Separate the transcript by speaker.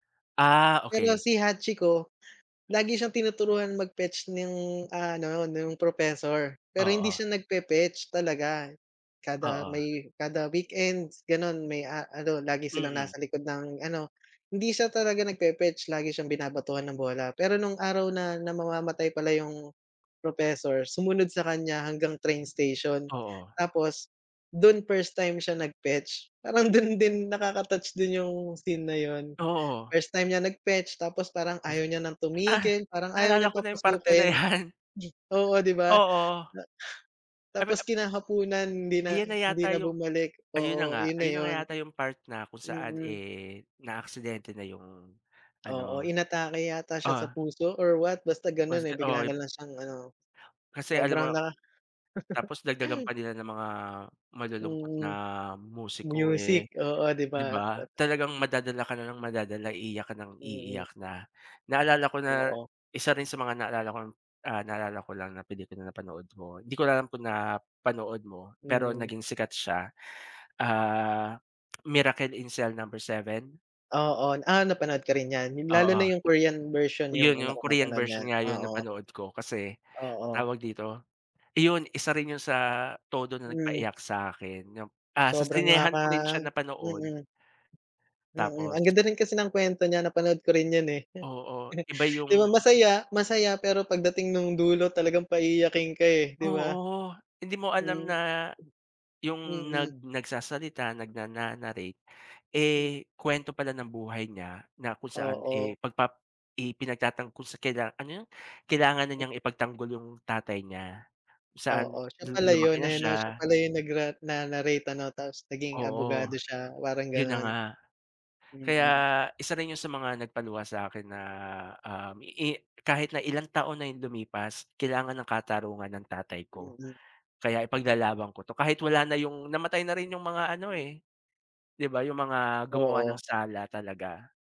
Speaker 1: Ah,
Speaker 2: Pero
Speaker 1: okey.
Speaker 2: si Hachiko, lagi siyang tinuturuan mag-fetch nung ano nung professor. Pero hindi
Speaker 1: Oo.
Speaker 2: siya nagfe-fetch talaga kada
Speaker 1: Oo.
Speaker 2: may kada weekends ganon may ah, ano lagi silang
Speaker 1: Mm.
Speaker 2: nasa likod ng ano. Hindi siya talaga nagfe-fetch lagi siyang binabatuhan ng bola. Pero nung araw na na mamamatay pala yung, professor, sumunod sakanya hanggang train station.
Speaker 1: Oo.
Speaker 2: Tapos dun first time siya nag-fetch, parang dun din nakaka-touch din yung scene na yun.
Speaker 1: Oo.
Speaker 2: First time niya nag-fetch tapos parang ayaw niya ng
Speaker 1: Ah,
Speaker 2: tumigil parang ayaw
Speaker 1: naalala
Speaker 2: niyang
Speaker 1: ko na yung parte na
Speaker 2: papasukin.
Speaker 1: yan.
Speaker 2: Oo di ba?
Speaker 1: Oo.
Speaker 2: Na tapos
Speaker 1: [unintelligible]
Speaker 2: kinahapunan hindi na
Speaker 1: Ayan na
Speaker 2: hindi
Speaker 1: yata
Speaker 2: na
Speaker 1: yung,
Speaker 2: bumalik
Speaker 1: ayun na
Speaker 2: oo,
Speaker 1: nga.
Speaker 2: yun na
Speaker 1: Ayun na nga
Speaker 2: yun.
Speaker 1: yata yung part na kung saan,
Speaker 2: Mm.
Speaker 1: eh, naaksidente na yung
Speaker 2: Oo,
Speaker 1: ano,
Speaker 2: inatake yata siya sa
Speaker 1: Oo.
Speaker 2: puso or what? Basta ganun
Speaker 1: Maski,
Speaker 2: eh. Bigla
Speaker 1: Oo.
Speaker 2: nalang siyang ano
Speaker 1: Kasi alam mo.
Speaker 2: sobrang naka
Speaker 1: Tapos dagdagan pa nila ng mga malulungkot na
Speaker 2: Mm
Speaker 1: musiko eh.
Speaker 2: music, oo di
Speaker 1: Di
Speaker 2: ba?
Speaker 1: ba? Talagang madadala ka na nang madadala iiyak ka nang
Speaker 2: Mm.
Speaker 1: iiyak na naalala ko na
Speaker 2: Oo.
Speaker 1: isa rin sa mga naalala ko ah, naalala ko lang na pelikula napanood ko, hindi ko lang alam kung napanood mo pero
Speaker 2: Mhm.
Speaker 1: naging sikat siya ah, Miracle in Cell Number 7?
Speaker 2: Oo. Ah, napanood ka rin yan. Yun lalo
Speaker 1: Oo,
Speaker 2: na yung Korean version yung
Speaker 1: yun
Speaker 2: una
Speaker 1: yung
Speaker 2: kong
Speaker 1: Korean
Speaker 2: napanood
Speaker 1: version
Speaker 2: niyan,
Speaker 1: nga yun
Speaker 2: Oo.
Speaker 1: napanood ko. Kasi,
Speaker 2: Oo.
Speaker 1: tawag dito, yun isa rin yun sa todo na nag
Speaker 2: Hmm.
Speaker 1: nagpaiyak sakin yung ah, sa
Speaker 2: Sobrang
Speaker 1: sinehan ko rin siya
Speaker 2: nakaka
Speaker 1: napanood.
Speaker 2: mm. Mm,
Speaker 1: Tapos.
Speaker 2: ang ganda rin kasi ng kwento niya napanood ko rin yun eh.
Speaker 1: Oo, iba yung.
Speaker 2: Di ba masaya? Masaya. Pero pagdating nung dulo talagang paiyakin ka eh, di ba?
Speaker 1: Oo! hindi mo alam
Speaker 2: Hmm,
Speaker 1: na yung
Speaker 2: mm.
Speaker 1: nag nagsasalita nagnana-narrate. Eh kwento pala ng buhay niya na kung saan, eh,
Speaker 2: Oo.
Speaker 1: pag pap ipinagtatangol sa kanila ano yun? Kailangan na niyang ipagtanggol yung tatay niya kung saan
Speaker 2: Oo, siya
Speaker 1: lu
Speaker 2: pala
Speaker 1: lumaki
Speaker 2: yun
Speaker 1: na
Speaker 2: eh, no? Siya
Speaker 1: siya.
Speaker 2: pala yung nag rat nanarate tapos naging
Speaker 1: Oo,
Speaker 2: abogado siya parang
Speaker 1: yun na
Speaker 2: ganun.
Speaker 1: nga. Kaya
Speaker 2: Mm.
Speaker 1: isa rin yun sa mga nagpaluha sa akin na um i kahit na ilang taon na yung lumipas kailangan ng katarungan ng tatay ko.
Speaker 2: Mm.
Speaker 1: Kaya ipaglalaban ko to. Kahit wala na yung namatay na rin yung mga ano eh, di ba yung mga gumawa ng
Speaker 2: Oo.
Speaker 1: sala talaga.